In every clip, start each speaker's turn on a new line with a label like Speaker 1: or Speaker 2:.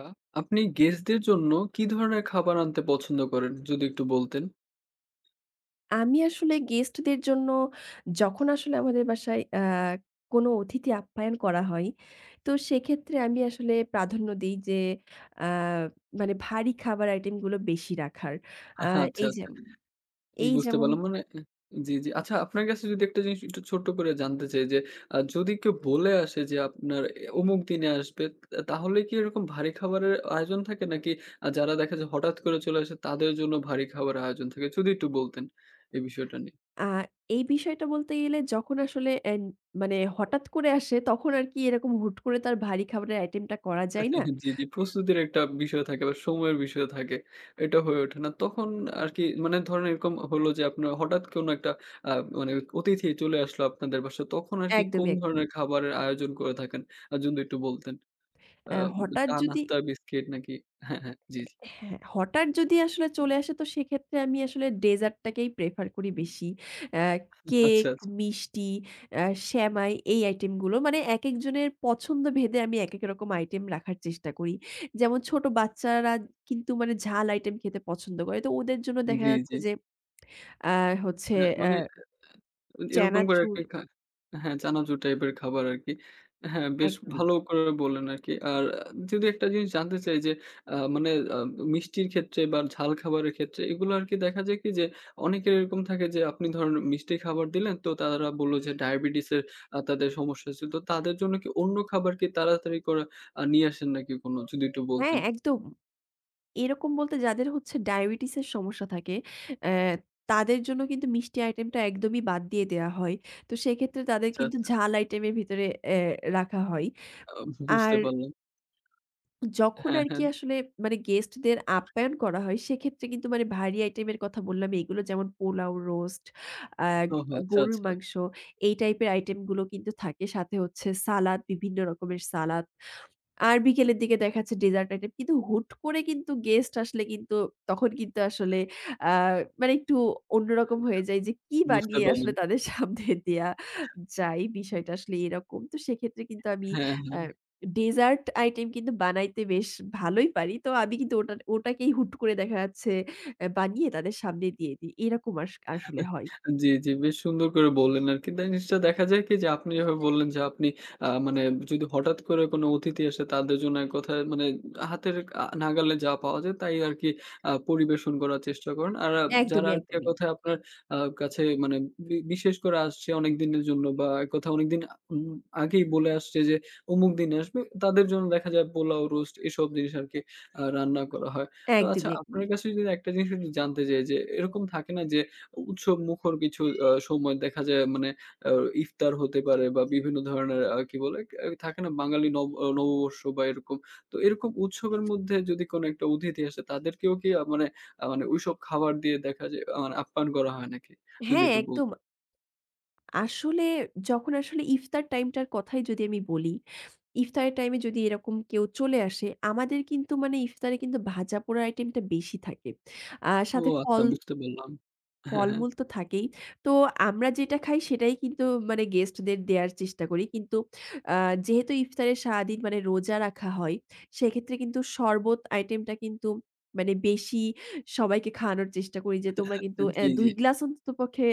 Speaker 1: আ আপনি গেস্টদের জন্য কি ধরনের খাবার আনতে পছন্দ করেন? যদি একটু বলতেন।
Speaker 2: আমি আসলে গেস্টদের জন্য যখন আসলে আমাদের বাসায় আ কোনো অতিথি আপ্যায়ন করা হয়, তো সেক্ষেত্রে আমি আসলে প্রাধান্য দেই যে আ মানে ভারী খাবার আইটেমগুলো বেশি রাখার। আ
Speaker 1: আহ আচ্ছা,
Speaker 2: এইযে
Speaker 1: আচ্ছা।
Speaker 2: এই
Speaker 1: বুঝতে
Speaker 2: যেমন
Speaker 1: পারলাম। মানে এ জি, জি। আচ্ছা, আপনার কাছে যদি একটা জিনিস একটু ছোট্ট করে জানতে চাই যে, আ যদি কেউ বলে আসে যে আপনার এ অমুক দিনে আসবে, তা তাহলে কি এরকম ভারী খাবারের আয়োজন থাকে? নাকি আ যারা দেখে যায় হঠাৎ করে চলে আসে তাদের জন্য ভারী খাবারের আয়োজন থাকে? যদি একটু বলতেন এই বিষয়টা নিয়ে।
Speaker 2: আ এই বিষয়টা বলতে গেলে যখন আসলে এ মানে হঠাৎ করে আসে, তখন আরকি এরকম হুট করে তো আর ভারী খাবারের আইটেমটা করা যায় না।
Speaker 1: জি, জি। প্রস্তুতির একটা বিষয় থাকে বা সময়ের বিষয় থাকে। এটা হয়ে ওঠে না। তখন আরকি মানে ধরেন এরকম হলো যে আপনার হঠাৎ কোনো একটা আ মানে অতিথি চলে আসলো আপনাদের বাসায়। তখন আরকি কোন
Speaker 2: একদমই,
Speaker 1: ধরনের
Speaker 2: একদমই।
Speaker 1: খাবারের আয়োজন করে থাকেন? আ যদি একটু বলতেন। আ
Speaker 2: অ্যা হঠাৎ যদি
Speaker 1: চা-নাস্তা, বিস্কিট নাকি? হ্যাঁ, হ্যাঁ। জি,
Speaker 2: এ
Speaker 1: জি।
Speaker 2: হ্যাঁ, হঠাৎ যদি আসলে চলে আসে, তো সেক্ষেত্রে আমি আসলে ডেজার্টটাকেই prefer করি বেশি। অ্যা কেক,
Speaker 1: আচ্ছা, আচ্ছা।
Speaker 2: মিষ্টি, অ্যা সেমাই এই আইটেমগুলো। মানে একেক জনের পছন্দভেদে আমি একেকরকম আইটেম রাখার চেষ্টা করি। যেমন ছোট বাচ্চারা কিন্তু মানে ঝাল আইটেম খেতে পছন্দ করে। তো ওদের জন্য দেখা
Speaker 1: জি, জি।
Speaker 2: যাচ্ছে যে আ হচ্ছে
Speaker 1: হ্যাঁ,
Speaker 2: অ্য
Speaker 1: মানে এ এরকম করে
Speaker 2: চানাচুর
Speaker 1: আরকি খায় হ্যাঁ, চানাচুর টাইপের খাবার আরকি। হ্যাঁ, বেশ
Speaker 2: একদমই।
Speaker 1: ভালো করে বললেন আরকি। আর আ যদি একটা জিনিস জানতে চাই যে, আ মানে আব মিষ্টির ক্ষেত্রে বা ঝাল খাবারের ক্ষেত্রে এগুলো আরকি দেখা যায় কি যে, অনেকের এরকম থাকে যে আপনি ধরেন মিষ্টি খাবার দিলেন, তো তারা বললো যে ডায়াবেটিসের আ তাদের সমস্যা আছে। তো তাদের জন্য কি অন্য খাবার কি তাড়াতাড়ি করা আ নিয়ে আসেন নাকি কোনো? যদি একটু
Speaker 2: হ্যাঁ,
Speaker 1: বলতেন।
Speaker 2: একদম। এরকম বলতে যাদের হচ্ছে ডায়াবেটিসের সমস্যা থাকে, অ্যা তাদের জন্য কিন্তু মিষ্টি আইটেমটা একদমই বাদ দিয়ে দেয়া হয়। তো সেক্ষেত্রে তাদের
Speaker 1: আচ্ছা,
Speaker 2: কিন্তু
Speaker 1: আচ্ছা।
Speaker 2: ঝাল আইটেমের ভিতরে অ্যা রাখা হয়।
Speaker 1: আ
Speaker 2: উম
Speaker 1: বুঝতে
Speaker 2: আর
Speaker 1: পারলাম।
Speaker 2: যখন
Speaker 1: হ্যাঁ, হ্যাঁ।
Speaker 2: আরকি আসলে মানে গেস্টদের আপ্যায়ন করা হয়, সেক্ষেত্রে কিন্তু মানে ভারী আইটেমের কথা বললাম এগুলো, যেমন: পোলাও, রোস্ট, আগ
Speaker 1: ওহ, আচ্ছা,
Speaker 2: গরুর
Speaker 1: আচ্ছা।
Speaker 2: মাংস, এই টাইপের আইটেমগুলো কিন্তু থাকে। সাথে হচ্ছে সালাদ, বিভিন্ন রকমের সালাদ। আর বিকেলের দিকে দেখা যাচ্ছে ডেজার্ট আইটেম। কিন্তু হুট করে কিন্তু গেস্ট আসলে কিন্তু তখন কিন্তু আসলে আ মানে একটু অন্যরকম হয়ে যায় যে,
Speaker 1: [unintelligible]
Speaker 2: কি
Speaker 1: বুঝতে
Speaker 2: বানিয়ে আসলে
Speaker 1: পারলাম।
Speaker 2: তাদের সামনে দেওয়া
Speaker 1: আ হ্যাঁ।
Speaker 2: যায়? বিষয়টা আসলে এরকম। তো সেক্ষেত্রে কিন্তু আমি
Speaker 1: হ্যাঁ,
Speaker 2: আ
Speaker 1: হ্যাঁ।
Speaker 2: ডেজার্ট আইটেম কিন্তু বানাইতে বেশ ভালোই পারি। তো আমি কিন্তু ওটা ওটাকেই হুট করে দেখা যাচ্ছে এ বানিয়ে তাদের সামনে দিয়ে দিই। এরকম আস আসলে হয়।
Speaker 1: জি, জি। বেশ সুন্দর করে বললেন আরকি। তা জিনিসটা দেখা যায় কি যে আপনি যেভাবে বললেন যে আপনি আ মানে যদি হঠাৎ করে কোনো অতিথি আসে, তাদের জন্য এক কথায় মানে হাতের আ নাগালে যা পাওয়া যায়, তাই আরকি আ পরিবেশন করার চেষ্টা করেন। আর আ যারা
Speaker 2: একদমই,
Speaker 1: আরকি এক
Speaker 2: একদমই।
Speaker 1: কথায় আপনার আ কাছে মানে বি বিশেষ করে আসছে অনেক দিনের জন্য বা এক কথায় অনেকদিন আ উম আগেই বলে আসছে যে অমুক দিনে আসবে, তাদের জন্য দেখা যায় পোলাও, রোস্ট এসব জিনিস আরকি আ রান্না করা হয়। তো আচ্ছা,
Speaker 2: একদমই,
Speaker 1: আপনার
Speaker 2: একদমই।
Speaker 1: কাছে যদি একটা জিনিস আমি জানতে চাই যে, এরকম থাকে না যে উ উৎসবমুখর কিছু অ সময় আ দেখা যায় মানে আ ইফতার হতে পারে বা বিভিন্ন ধরনের আ কি বলে? কে থাকে না বাঙালি নব নববর্ষ বা এরকম। তো এরকম উৎসবের মধ্যে যদি কোন একটা অতিথি আসে, তাদেরকেও কি আ মানে আ মানে ঐসব খাবার দিয়ে দেখা যায় আ মানে আপ্যায়ন করা হয় নাকি? যদি
Speaker 2: হ্যাঁ,
Speaker 1: একটু
Speaker 2: একদম।
Speaker 1: বলতেন।
Speaker 2: আসলে যখন আসলে ইফতার টাইমটার কথাই যদি আমি বলি, ইফতারের টাইমে যদি এরকম কেউ চলে আসে, আমাদের কিন্তু মানে ইফতারে কিন্তু ভাজাপোড়ার আইটেমটা বেশি থাকে। আ
Speaker 1: ও,
Speaker 2: সাথে
Speaker 1: আচ্ছা,
Speaker 2: ফল
Speaker 1: বুঝতে পারলাম। হ্যাঁ, হ্যাঁ।
Speaker 2: ফলমূল তো থাকেই। তো আমরা যেটা খাই, সেটাই কিন্তু মানে গেস্টদের দেয়ার চেষ্টা করি। কিন্তু আ যেহেতু ইফতারে সারাদিন মানে রোজা রাখা হয়, সেক্ষেত্রে কিন্তু শরবত আইটেমটা কিন্তু মানে বেশি সবাইকে খাওয়ানোর চেষ্টা করি যে, "তোমরা কিন্তু অ্যা
Speaker 1: জি, জি।
Speaker 2: ২ গ্লাস অন্ততপক্ষে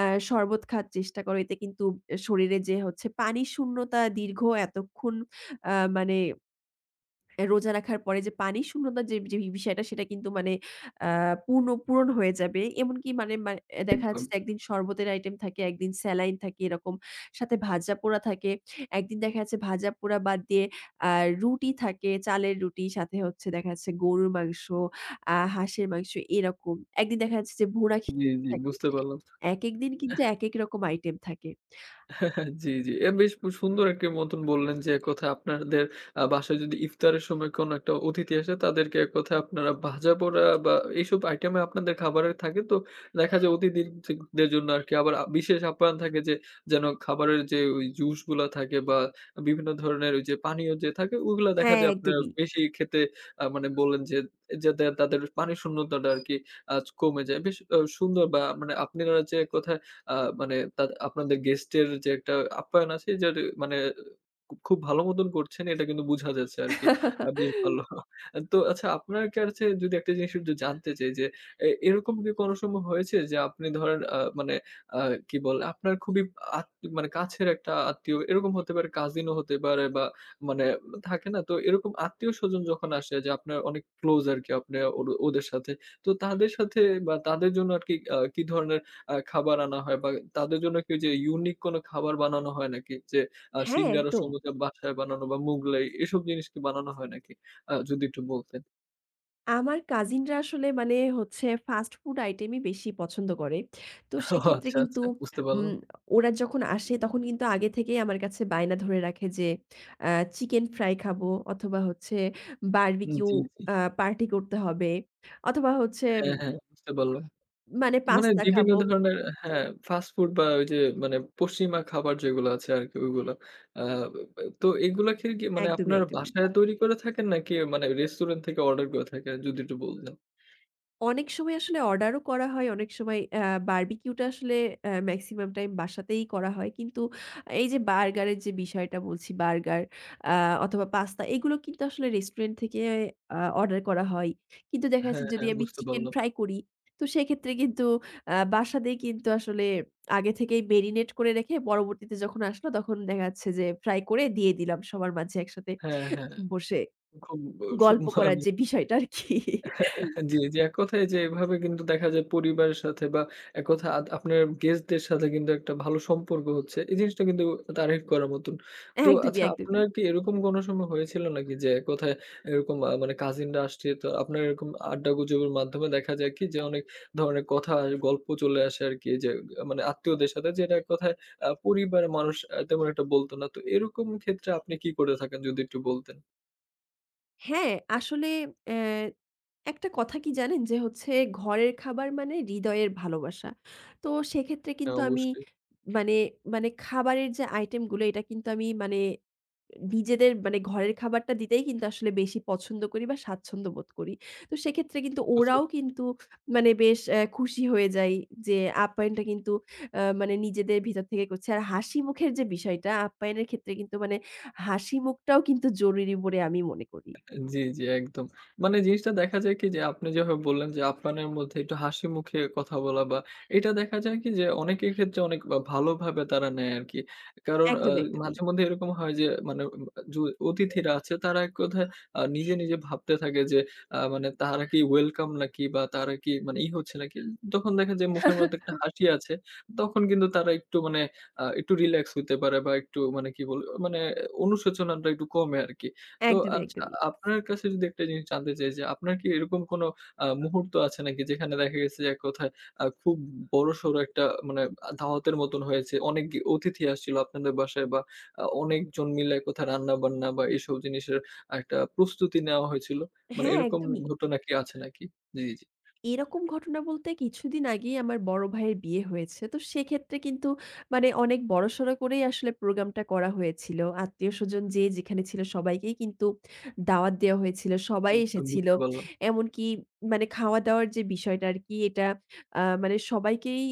Speaker 2: আ শরবত খাওয়ার চেষ্টা করো। এতে কিন্তু শরীরে যে হচ্ছে পানি শূন্যতা, দীর্ঘ এতক্ষণ আ মানে রোজা রাখার পরে যে পানি শূন্যতার যে ব্যা বিষয়টা, সেটা কিন্তু মানে অ্যা পূর্ণ পূরণ হয়ে যাবে।" এমনকি মানে মানে দেখা
Speaker 1: একদম।
Speaker 2: যাচ্ছে যে ১ দিন শরবতের আইটেম থাকে, ১ দিন স্যালাইন থাকে, এরকম। সাথে ভাজাপোড়া থাকে। ১ দিন দেখা যাচ্ছে ভাজাপোড়া বাদ দিয়ে আ রুটি থাকে। চালের রুটি সাথে হচ্ছে দেখা যাচ্ছে গরুর মাংস, আ হাঁসের মাংস, এরকম। ১ দিন দেখা যাচ্ছে যে ভুনা খিচুরি
Speaker 1: জি, জি।
Speaker 2: থাকে।
Speaker 1: বুঝতে পারলাম।
Speaker 2: একেক দিন কিন্তু
Speaker 1: এহ
Speaker 2: একেকরকম আইটেম থাকে।
Speaker 1: জি, জি। এ বেশ খুব সুন্দর একটি মতন বললেন যে, এক কথায় আপনাদের আ বাসায় যদি ইফতারের সময় কোন একটা অতিথি আসে, তাদেরকে এক কথায় আপনারা ভাজাপোড়া বা এসব আইটেমে আপনাদের খাবারের থাকে। তো দেখা যায় অতিথি থি দের জন্য আরকি আবার আ বিশেষ আপ্যায়ন থাকে যে যেন খাবারের যে ওই জুসগুলা থাকে বা বিভিন্ন ধরনের ওইযে পানীয় যে থাকে, ওইগুলা দেখা
Speaker 2: হ্যাঁ,
Speaker 1: যায় আপনারা
Speaker 2: একদমই।
Speaker 1: বেশি খেতে আ মানে বললেন যে, যাতে তাদের পানি শূন্যতাটা আরকি আচ কমে যায়। বেশ আ সুন্দর বা মানে আপনারা যে এক কথায় আ মানে তা আপনাদের গেস্টের যে একটা আপ্যায়ন আছে, যার মানে খু খুব ভালো মতন করছেন, এটা কিন্তু বুঝা যাচ্ছে আরকি। আ বেশ ভালো। তো আচ্ছা আপনার কাছে যদি আর একটা জিনিস একটু জানতে চাই যে, অ্যা এরকম কি কোন সময় হয়েছে যে আপনি ধরেন আ মানে আ কি বলে? আপনার খুবই আত মানে কাছের একটা আত্মীয় এরকম হতে পারে কাজিনও হতে পারে বা মানে থাকে না? তো এরকম আত্মীয়স্বজন যখন আসে যে আপনার অনেক ক্লোজ আরকি আপনে ওর ওদের সাথে। তো তাদের সাথে বা তাদের জন্য আরকি কি আ কি ধরনের আ খাবার আনা হয় বা তাদের জন্য কি ওইযে unique কোন খাবার বানানো হয় নাকি? যে আ
Speaker 2: হ্যাঁ,
Speaker 1: সিঙ্গারা,
Speaker 2: একদম।
Speaker 1: সমুচা বাসায় বানানো বা মুগলাই এসব জিনিস কি বানানো হয় নাকি? আ যদি একটু বলতেন।
Speaker 2: আমার কাজিনরা আসলে মানে হচ্ছে ফাস্ট ফুড আইটেমই বেশি পছন্দ করে। তো
Speaker 1: ও
Speaker 2: সেক্ষেত্রে
Speaker 1: আচ্ছা,
Speaker 2: কিন্তু
Speaker 1: আচ্ছা, বুঝতে পারলাম।
Speaker 2: উম ওরা যখন আসে, তখন কিন্তু আগে থেকেই আমার কাছে বায়না ধরে রাখে, যে আ "চিকেন ফ্রাই খাবো, অথবা হচ্ছে
Speaker 1: উ
Speaker 2: বারবিকিউ
Speaker 1: জি, জি।
Speaker 2: আ পার্টি করতে হবে," অথবা হচ্ছে
Speaker 1: হ্যাঁ, হ্যাঁ, বুঝতে পারলাম।
Speaker 2: মানে
Speaker 1: মানে
Speaker 2: "পাস্তা খাব।"
Speaker 1: বিভিন্ন ধরনের হ্যাঁ, ফাস্ট ফুড বা ওই যে মানে পশ্চিমা খাবার যেগুলা আছে আরকি ওইগুলা। আ ব ব তো এইগুলা খেলে কি মানে
Speaker 2: একদমই,
Speaker 1: আপনার
Speaker 2: একদমই।
Speaker 1: বাসায় তৈরি করে থাকেন? নাকি মানে রেস্টুরেন্ট থেকে অর্ডার করে থাকেন? যদি একটু বলতেন।
Speaker 2: অনেক সময় আসলে অর্ডারও করা হয়, অনেক সময় আ বারবিকিউটা আসলে আ মেক্সিমাম টাইম বাসাতেই করা হয়। কিন্তু এই যে বার্গারের যে বিষয়টা বলছি, বার্গার আ অথবা পাস্তা এগুলো কিন্তু আসলে রেস্টুরেন্ট থেকে আ অর্ডার করা হয়। কিন্তু দেখা
Speaker 1: হ্যাঁ,
Speaker 2: যাচ্ছে, যদি
Speaker 1: হ্যাঁ,
Speaker 2: আমি
Speaker 1: বুঝতে
Speaker 2: চিকেন
Speaker 1: পারলাম।
Speaker 2: ফ্রাই করি। তো সেক্ষেত্রে কিন্তু আ বাসাতেই কিন্তু আসলে আগে থেকেই মেরিনেট করে রেখে, পরবর্তীতে যখন আসলো তখন দেখা যাচ্ছে, যে ফ্রাই করে দিয়ে দিলাম সবার মাঝে একসাথে
Speaker 1: হ্যাঁ, হ্যাঁ,
Speaker 2: বসে।
Speaker 1: খুব ব সব
Speaker 2: গল্প করার যে বিষয়টা আরকি।
Speaker 1: জি, জি, এককথায় যে এভাবে কিন্তু দেখা যায়, পরিবারের সাথে বা এককথায় আদ আপনার গেস্টদের সাথে কিন্তু একটা ভালো সম্পর্ক হচ্ছে, এই জিনিসটা কিন্তু তারিফ করার মতন। তো
Speaker 2: একদমই,
Speaker 1: আচ্ছা,
Speaker 2: একদমই।
Speaker 1: আপনার কি এরকম কোন সময় হয়েছিল নাকি, যে এককথায় এরকম আ মানে কাজিনরা আসছে, তো আপনার এরকম আড্ডা গুজবের মাধ্যমে দেখা যাক কি, যে অনেক ধরনের কথায় গল্প চলে আসে আরকি যে আ মানে আত্মীয়দের সাথে যেটা এককথায় আ পরিবার মানুষ আ তেমন একটা বলত না। তো এরকম ক্ষেত্রে আপনি কি করে থাকেন? যদি একটু বলতেন?
Speaker 2: হ্যাঁ, আসলে আ একটা কথা কি জানেন যে হচ্ছে ঘরের খাবার মানে হৃদয়ের ভালোবাসা। তো সেক্ষেত্রে
Speaker 1: হ্যাঁ,
Speaker 2: কিন্তু আমি
Speaker 1: অবশ্যই।
Speaker 2: মানে মানে খাবারের যে আইটেমগুলো, এটা কিন্তু আমি মানে নিজেদের মানে ঘরের খাবারটা দিতেই কিন্তু আসলে বেশি পছন্দ করি বা, স্বাচ্ছন্দ্য বোধ করি। তো সেক্ষেত্রে কিন্তু
Speaker 1: বুঝতে
Speaker 2: ওরাও
Speaker 1: পার
Speaker 2: কিন্তু মানে বেশ আ খুশি হয়ে যায় যে আপ্যায়নটা কিন্তু আ মানে নিজেদের ভিতর থেকে করছে। আর হাসিমুখের যে বিষয়টা, আপ্যায়নের ক্ষেত্রে কিন্তু মানে হাসিমুখটাও কিন্তু জরুরি বলে আমি মনে করি।
Speaker 1: আ জি, জি, একদম। মানে জিনিসটা দেখা যায় কি যে, আপনি যেভাবে বললেন যে, আপ্যায়নের মধ্যে একটু হাসিমুখে কথা বলা বা এটা দেখা যায় কি যে অনেকের ক্ষেত্রে অনেক আ ভালোভাবে তারা নেয় আরকি। কারণ আ
Speaker 2: একদমই, একদমই।
Speaker 1: মাঝেমধ্যে এরকম হয় যে মানে আ য অতিথিরা আছে, তারা এক কথায় আ নিজে, নিজে ভাবতে থাকে যে আ মানে তারা কি ওয়েলকাম নাকি বা তারা কি মানে ই হচ্ছে নাকি? তখন দেখা যায় মুখের মধ্যে একটা হাসি আছে, তখন কিন্তু তারা একটু মানে আ একটু রিল্যাক্স হইতে পারে বা একটু মানে কি বল আ মানে অনুশোচনাটা একটু কমে আরকি। তো
Speaker 2: একদমই,
Speaker 1: আচ্ছা,
Speaker 2: একদমই।
Speaker 1: আপনার কাছে যদি একটা জিনিস জানতে চাই যে, আপনার কি এরকম কোন আ মুহূর্ত আছে নাকি? যেখানে দেখা গেছে যে এক কথায় আ খুব উ বড়-সড় একটা মানে আ দাওয়াতের মতন হয়েছে। অনেক গে অতিথি আসছিল আপনাদের বাসায় বা আ অনেকজন মিলে কোথায় রান্নাবান্না বা এসব জিনিসের আ একটা প্রস্তুতি নেয়া হয়েছিল? মানে
Speaker 2: হ্যাঁ,
Speaker 1: এরকম
Speaker 2: একদমই।
Speaker 1: ঘটনা কি আছে নাকি? জি, জি।
Speaker 2: এরকম ঘটনা বলতে কিছুদিন আগেই আমার বড় ভাইয়ের বিয়ে হয়েছে। তো সেক্ষেত্রে কিন্তু মানে অনেক বড়-সড় করেই আসলে প্রোগ্রামটা করা হয়েছিল। আত্মীয়স্বজন যে যেখানে ছিল, সবাইকেই কিন্তু দাওয়াত দেয়া হয়েছিল। সবাই
Speaker 1: বুঝতে
Speaker 2: এসেছিল।
Speaker 1: বুঝতে পারলাম।
Speaker 2: এমনকি মানে খাওয়া-দাওয়ার যে বিষয়টা আরকি, এটা আ মানে সবাইকেই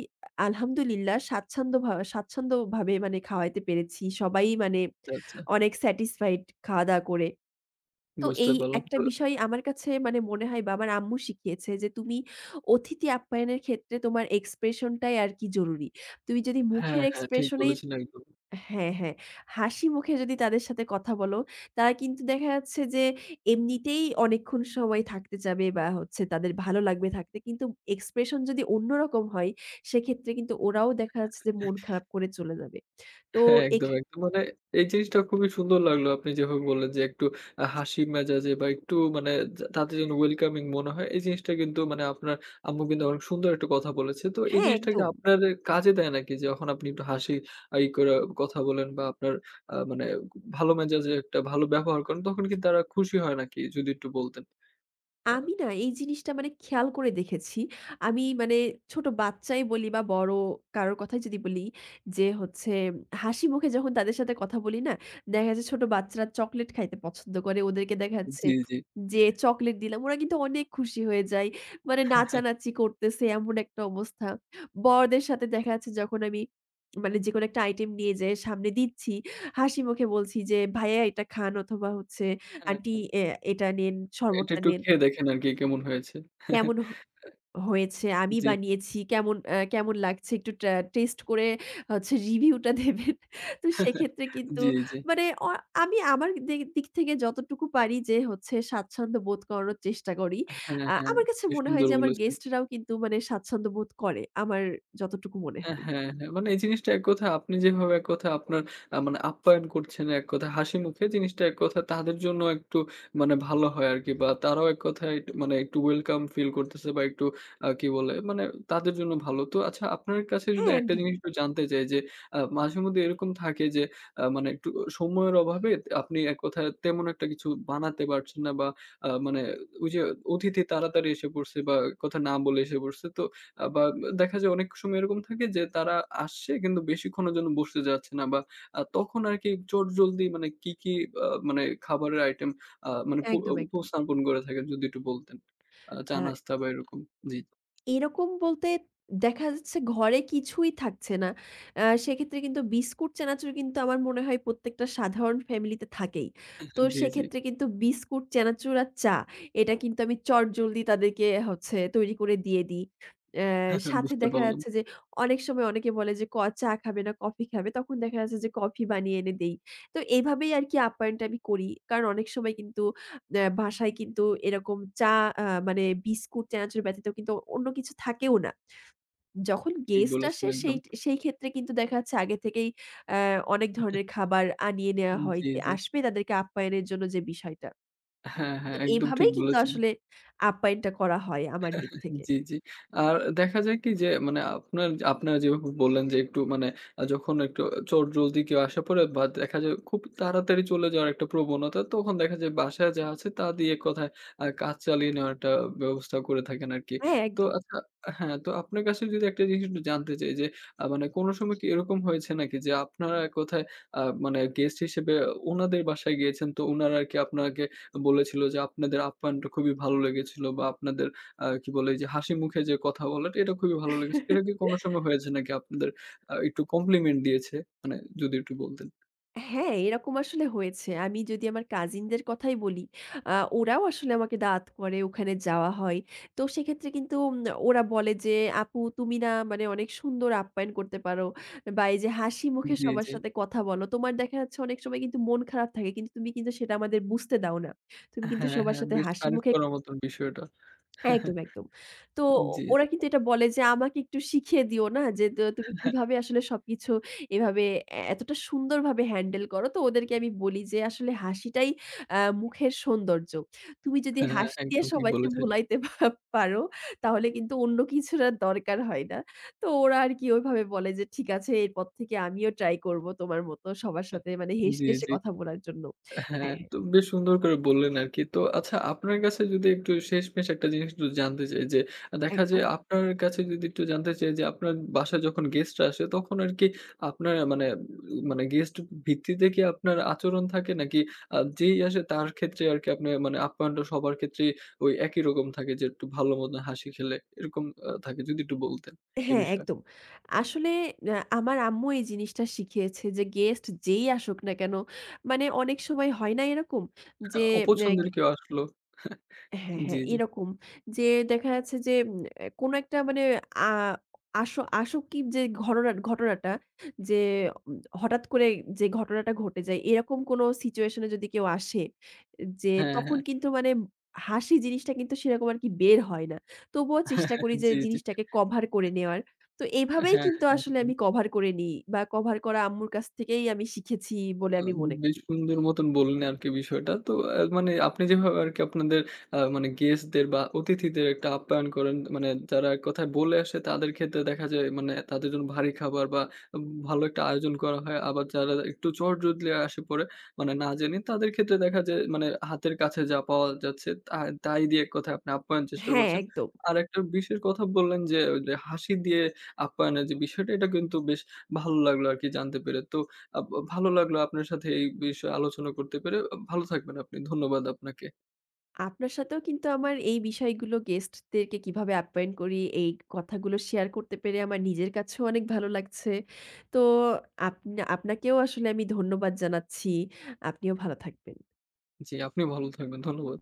Speaker 2: আলহামদুলিল্লাহ স্বাচ্ছন্দ্যভা স্বাচ্ছন্দ্যভাবে মানে খাওয়াইতে পেরেছি। সবাই মানে
Speaker 1: আচ্ছা, আচ্ছা।
Speaker 2: অনেক স্যাটিসফাইড খাওয়া-দাওয়া করে। তো
Speaker 1: বুঝতে
Speaker 2: এই
Speaker 1: পারলাম।
Speaker 2: একটা
Speaker 1: তো
Speaker 2: বিষয় আমার কাছে মানে মনে হয় বা আমার আম্মু শিখিয়েছে যে "তুমি অতিথি আপ্যায়নের ক্ষেত্রে তোমার expression টাই আরকি জরুরী। তুমি যদি
Speaker 1: হ্যাঁ,
Speaker 2: মুখের
Speaker 1: হ্যাঁ, ঠিক
Speaker 2: expression এই"
Speaker 1: বলেছেন একদম।
Speaker 2: হ্যাঁ, হ্যাঁ, "হাসি মুখে যদি তাদের সাথে কথা বলো, তারা কিন্তু দেখা যাচ্ছে যে এমনিতেই অনেকক্ষণ সময় থাকতে চাবে বা হচ্ছে তাদের ভালো লাগবে থাকতে। কিন্তু expression যদি অন্য রকম হয়, সেক্ষেত্রে কিন্তু ওরাও দেখা যাচ্ছে যে মন খারাপ করে চলে যাবে।" তো
Speaker 1: হ্যাঁ। একদম,
Speaker 2: এক্ষে
Speaker 1: একদম। মানে এই জিনিসটা খুবই সুন্দর লাগলো। আপনি যেভাবে বললেন যে একটু আ হাসি মেজাজে বা, একটু মানে যা তাতে যেন welcoming মনে হয়। এই জিনিসটা কিন্তু মানে আপনার আম্মু কিন্তু অনেক সুন্দর একটা কথা বলেছে। তো এই
Speaker 2: হ্যাঁ,
Speaker 1: জিনিসটা কি
Speaker 2: একদম।
Speaker 1: আপনার এ কাজে দেয় নাকি? যে যখন আপনি একটু হাসি ই করে কথা বলেন বা, আপনার আ মানে আক ভালো মেজাজের একটা ভালো ব্যবহার করেন, তখন কিন্তু তারা খুশি হয় নাকি? যদি একটু বলতেন। আ
Speaker 2: আমি না এই জিনিসটা মানে খেয়াল করে দেখেছি। আমি মানে ছোট বাচ্চাই বলি বা বড় কারো কথাই যদি বলি। যে হচ্ছে হাসিমুখে যখন তাদের সাথে কথা বলি না দেখা যায় ছোট বাচ্চারা চকোলেট খাইতে পছন্দ করে, ওদেরকে দেখা যাচ্ছে
Speaker 1: জি, জি।
Speaker 2: যে চকোলেট দিলাম। ওরা কিন্তু অনেক খুশি হয়ে যায়। মানে নাচানাচি করতেছে, এমন একটা অবস্থা। বড়দের সাথে দেখা যাচ্ছে যখন আমি মানে যেকোনো একটা আইটেম নিয়ে যাই সামনে দিচ্ছি, হাসি মুখে বলছি যে, "ভাইয়া এটা খান" অথবা, হচ্ছে
Speaker 1: হ্যাঁ,
Speaker 2: "আন্টি
Speaker 1: হ্যাঁ।
Speaker 2: আ এটা নেন,
Speaker 1: এটা
Speaker 2: শরবতটা
Speaker 1: একটু
Speaker 2: নেন।"
Speaker 1: খেয়ে দেখেন আরকি, কেমন হয়েছে?
Speaker 2: "কেমন হ হয়েছে? আমি
Speaker 1: জি।
Speaker 2: বানিয়েছি, কেমন আ কেমন লাগছে একটু ট্রা টেস্ট করে হচ্ছে রিভিউটা দেবেন।" তো সেক্ষেত্রে কিন্তু
Speaker 1: জি, জি।
Speaker 2: মানে অ আমি আমার দি দিক থেকে যতটুকু পারি যে হচ্ছে স্বাচ্ছন্দ্য বোধ করানোর চেষ্টা করি।
Speaker 1: হ্যাঁ,
Speaker 2: আ
Speaker 1: হ্যাঁ।
Speaker 2: আমার কাছে
Speaker 1: বেশ
Speaker 2: মনে হয়
Speaker 1: সুন্দর
Speaker 2: যে আমার
Speaker 1: বলেছেন।
Speaker 2: গেস্টরাও কিন্তু মানে স্বাচ্ছন্দ্যবোধ করে। আমার যতটুকু মনে
Speaker 1: আ
Speaker 2: হয়।
Speaker 1: হ্যাঁ, হ্যাঁ, মানে এই জিনিসটা এক কথায় আপনি যেভাবে এক কথায় আপনার আ মানে আপ্যায়ন করছেন, এক কথায় হাসিমুখে জিনিসটা এক কথায় তাদের জন্য একটু মানে ভালো হয় আরকি বা তারাও এক কথায় এক মানে একটু welcome feel করতেছে বা, একটু আ কি বলে? মানে তাদের জন্য ভালো। তো আচ্ছা, আপনার কাছে যদি
Speaker 2: হ্যাঁ,
Speaker 1: একটা জিনিস
Speaker 2: একদমই।
Speaker 1: একটু জানতে চাই যে, আ মাঝেমধ্যে এরকম থাকে যে আ মানে একটু অ সময়ের অভাবে আপনি এক কথায় তেমন একটা কিছু বানাতে পারছে না বা আ মানে ওইযে অতিথি তাড়াতাড়ি এসে পড়ছে বা এক কথা না বলে এসে পড়ছে। তো আ বা দেখা যায় অনেক সময় এরকম থাকে যে, তারা আসছে কিন্তু বেশিক্ষণের জন্য বসতে চাচ্ছে না বা আ তখন আরকি চটজলদি মানে কি, কি বা মানে খাবারের আইটেম আ মানে প
Speaker 2: একদম, একদম।
Speaker 1: উপস্থাপন করে থাকেন? যদি একটু বলতেন। আ
Speaker 2: আর
Speaker 1: চা-নাস্তা বা, এরকম। জি।
Speaker 2: এরকম বলতে দেখা যাচ্ছে ঘরে কিছুই থাকছে না। আ সেক্ষেত্রে কিন্তু বিস্কুট, চানাচুর কিন্তু আমার মনে হয় প্রত্যেকটা সাধারণ ফ্যামিলিতে থাকেই।
Speaker 1: আ
Speaker 2: তো
Speaker 1: হ্যাঁ। জি, জি।
Speaker 2: সেক্ষেত্রে কিন্তু বিস্কুট, চানাচুর আর চা। এটা কিন্তু আমি চটজলদি তাদেরকে হচ্ছে তৈরি করে দিয়ে দিই। আ সাথে
Speaker 1: বুঝতে
Speaker 2: দেখা
Speaker 1: পারলাম।
Speaker 2: যাচ্ছে যে অনেক সময় অনেকে বলে যে, ক চা খাবে না কফি খাবে, তখন দেখা যাচ্ছে যে কফি বানিয়ে এনে দেই। তো এভাবেই আরকি আপ্যায়নটা আমি করি। কারণ, অনেক সময় কিন্তু নে বাসায় কিন্তু এরকম চা আ মানে বিস্কুট, চানাচুর ব্যতীত কিন্তু অন্য কিছু থাকেও না। যখন
Speaker 1: ঠিক
Speaker 2: গেস্ট
Speaker 1: বলেছেন
Speaker 2: আসে
Speaker 1: একদম।
Speaker 2: সেই সেইক্ষেত্রে কিন্তু দেখা যাচ্ছে আগে থেকেই আ অনেক ধরনের খাবার আনিয়ে নেয়া
Speaker 1: উম
Speaker 2: হয়
Speaker 1: জি,
Speaker 2: যে
Speaker 1: জি।
Speaker 2: আসবে তাদেরকে আপ্যায়নের জন্য যে বিষয়টা।
Speaker 1: হ্যাঁ,
Speaker 2: তো
Speaker 1: হ্যাঁ, একদম ঠিক
Speaker 2: এভাবেই কিন্তু
Speaker 1: বলেছেন।
Speaker 2: আসলে আপ্যায়নটা করা হয় আমার দিক থেকে।
Speaker 1: জি, জি। আর দেখা যায় কি যে মানে আপনার আপনারা যেভাবে বললেন যে, একটু মানে আ যখন একটু চট জলদি কেউ আসা পরে বা, দেখা যায় খুব তাড়াতাড়ি চলে যাওয়ার একটা প্রবণতা, তখন দেখা যায় বাসায় যা আছে, তা দিয়ে এক কথায় আ কাজ চালিয়ে নেওয়ার একটা ব্যবস্থা করে থাকেন আরকি।
Speaker 2: হ্যাঁ,
Speaker 1: তো
Speaker 2: একদম।
Speaker 1: আচ্ছা হ্যাঁ, তো আপনার কাছে যদি একটা জিনিস একটু জানতে চাই যে, আ মানে কোন সময় কি এরকম হয়েছে নাকি যে আপনার এক কথায় আ মানে গেস্ট হিসেবে ওনাদের বাসায় গিয়েছেন, তো উনারা আরকি আপনাকে বলেছিল যে আপনাদের আপ্যায়নটা খুবই ভালো লেগেছিল বা আপনাদের আ কি বলে, ওইযে হাসিমুখে যে কথা বলাটা এটা খুবই ভালো লেগেছে। এটা কি কোন সময় হয়েছে নাকি আপনাদের আ একটু compliment দিয়েছে? মানে যদি একটু বলতেন।
Speaker 2: হ্যাঁ, এরকম আসলে হয়েছে। আমি যদি আমার কাজিনদের কথাই বলি, আ ওরাও আসলে আমাকে দাওয়াত করে, ওখানে যাওয়া হয়। তো সেক্ষেত্রে কিন্তু উম ওরা বলে যে, "আপু তুমি না মানে অনেক সুন্দর আপ্যায়ন করতে পারো বা, এইযে হাসি মুখে
Speaker 1: জি,
Speaker 2: সবার
Speaker 1: জি।
Speaker 2: সাথে কথা বলো। তোমার দেখা যাচ্ছে অনেক সময় কিন্তু মন খারাপ থাকে। কিন্তু তুমি কিন্তু সেটা আমাদের বুঝতে দাও না। তুমি কিন্তু
Speaker 1: হ্যাঁ,
Speaker 2: সবার
Speaker 1: হ্যাঁ,
Speaker 2: সাথে
Speaker 1: বেশ
Speaker 2: হাসি
Speaker 1: তারিফ
Speaker 2: মুখে"
Speaker 1: করার মতন বিষয়টা।
Speaker 2: একদম, একদম। তো ও
Speaker 1: জি,
Speaker 2: ওরা
Speaker 1: জি।
Speaker 2: কিন্তু এটা বলে যে, "আমাকে একটু শিখিয়ে দিও না, যে তা তুমি কিভাবে আসলে সবকিছু এভাবে এ এতটা সুন্দরভাবে হ্যান্ডেল করো।" তো ওদেরকে আমি বলি যে, "আসলে হাসিটাই অ্যা মুখের সৌন্দর্য। তুমি যদি
Speaker 1: হ্যাঁ,
Speaker 2: হাসি দিয়ে
Speaker 1: একদম ঠিক
Speaker 2: সবাইকে
Speaker 1: বলেছেন।
Speaker 2: ভুলাইতে পা পারো, তাহলে কিন্তু অন্য কিছুর আর দরকার হয় না।" তো ওরা আরকি ওইভাবে বলে যে, "ঠিক আছে, এরপর থেকে আমিও ট্রাই করবো তোমার মত সবার
Speaker 1: হ্যাঁ,
Speaker 2: সাথে মানে হেসে,
Speaker 1: জি,
Speaker 2: হেসে
Speaker 1: জি।
Speaker 2: কথা বলার জন্য।"
Speaker 1: হ্যাঁ,
Speaker 2: হ্যাঁ, হ্যাঁ।
Speaker 1: তো বেশ সুন্দর করে বললেন আরকি। তো আচ্ছা আপনার কাছে যদি একটু শেষমেশ একটা জিনিস যদি জানতে চাই যে দেখা
Speaker 2: একদম।
Speaker 1: যায় আপনার কাছে যদি একটু জানতে চাই যে আপনার বাসায় যখন গেস্টরা আসে, তখন আরকি আপনার আ মানে মানে গেস্ট ভিত্তিতে কি আপনার আচরণ থাকে? নাকি আ যেই আসে, তার ক্ষেত্রে আরকি আপনার মানে আপ্যায়নটা সবার ক্ষেত্রেই ওই একই রকম থাকে যে, একটু ভালো মত হাসি খেলে এরকম আ থাকে? যদি একটু বলতেন এ
Speaker 2: হ্যাঁ,
Speaker 1: বিষয়ে।
Speaker 2: একদম। আসলে অ্যা আমার আম্মু এই জিনিসটা শিখিয়েছে যে, "গেস্ট যেই আসুক না কেন" মানে অনেক সময় হয় না এরকম? যে অ্যাগ
Speaker 1: অপছন্দের কেউ আসলো হ্যাঁ,
Speaker 2: হ্যাঁ,
Speaker 1: জি,
Speaker 2: হ্যাঁ,
Speaker 1: জি।
Speaker 2: এরকম। যে দেখা যাচ্ছে যে উম এ কোন একটা মানে আ আসো আসোকি যে ঘররা ঘটনাটা যে উম হঠাৎ করেই যে ঘটনাটা ঘটে যায়। এরকম কোন সিচুয়েশনে যদি কেউ আসে যে,
Speaker 1: হ্যাঁ,
Speaker 2: তখন
Speaker 1: হ্যাঁ।
Speaker 2: কিন্তু মানে হাসি জিনিসটা কিন্তু সেরকম আরকি বের হয় না। তবুও চেষ্টা করি যে
Speaker 1: জি, জি।
Speaker 2: জিনিসটাকে কভার করে নেওয়ার। তো এভাবেই
Speaker 1: হ্যাঁ,
Speaker 2: কিন্তু আসলে
Speaker 1: একদম।
Speaker 2: আমি কভার করে নিই বা, কভার করা আম্মুর কাছ থেকেই আমি শিখেছি বলে
Speaker 1: আ
Speaker 2: আমি মনে
Speaker 1: বেশ
Speaker 2: করি।
Speaker 1: সুন্দর মতন বললেন আরকি বিষয়টা। তো আ মানে আপনি যেভাবে আরকি আপনাদের আ মানে গেস্টদের বা, অতিথিদের একটা আপ্যায়ন করেন মানে, যারা এক কথায় বলে আসে তাদের ক্ষেত্রে দেখা যায় মানে তাদের জন্য ভারী খাবার বা, উব ভালো একটা আয়োজন করা হয়। আবার যারা একটু চট জলদি আসে পড়ে, মানে না জেনে, তাদের সেক্ষেত্রে দেখা যায় মানে হাতের কাছে যা পাওয়া যাচ্ছে, তাহ তাই দিয়ে এক কথায় আপনি আপ্যায়ন চেষ্টা
Speaker 2: হ্যাঁ,
Speaker 1: করছেন।
Speaker 2: একদম।
Speaker 1: আর একটা বিশের কথা বললেন যে, ওইযে হাসি দিয়ে আপ্যায়নের যে বিষয়টা, এটা কিন্তু বেশ ভালো লাগলো আরকি জানতে পেরে। তো আব ভালো লাগলো আপনার সাথে এই বিষয়ে আলোচনা করতে পেরে। এ ভালো থাকবেন আপনি। ধন্যবাদ আপনাকে।
Speaker 2: আপনার সাথেও কিন্তু আমার এই বিষয়গুলো, গেস্টদেরকে কিভাবে অ্যাপয়েন্ট করি এই কথাগুলো শেয়ার করতে পেরে আমার নিজের কাছেও অনেক ভালো লাগছে। তো আপনা আপনাকেও আসলে আমি ধন্যবাদ জানাচ্ছি। আপনিও ভালো থাকবেন।
Speaker 1: জি, আপনি ভালো থাকবেন। ধন্যবাদ।